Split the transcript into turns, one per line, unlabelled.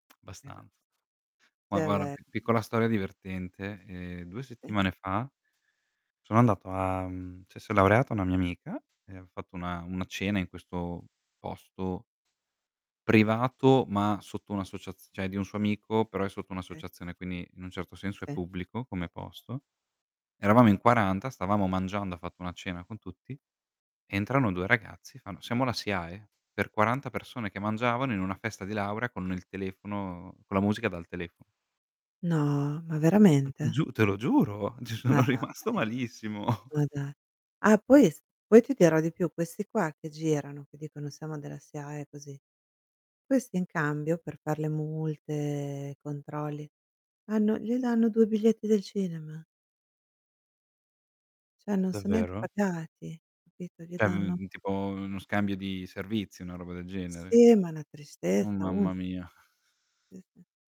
[unintelligible]
Abbastanza
Sì
Ma
è
guarda,
ve
pi piccola storia divertente, ehm, 2
E
settimane fa sono andato a mhmm, cioè si è laureata una mia amica, e ha fatto una una cena in questo posto privato, ma sotto un'associazi cioè di un suo amico, però è sotto
Eh.
un'associazione, quindi in un certo senso è
Sì.
pubblico come posto. Eravamo in 40, stavamo mangiando, ha fatto una cena con tutti, entrano 2 ragazzi, fanno: "Siamo la SIAE," per 40 persone che mangiavano in una festa di laura con il telefono con la musica dal telefono.
No! Ma
Te lo
veramente?
giu te lo giuro, ci
Ma
sono
dai,
rimasto malissimo.
ma da Ah, poi es poi ti dirò di più, questi qua che girano, che dicono: "Siamo della SIAE" così, questi in cambio per far le multe, controlli, hanno gli danno 2 biglietti del cinema. Cioè non son neanche
Davvero?
pagati, capito? Gli
Cioè,
danno
mhmm, tipo uno scambio di servizi, una roba del genere?
Sì, ma una
Oh,
tristezza unica.
mamma mia.
Sì, sì.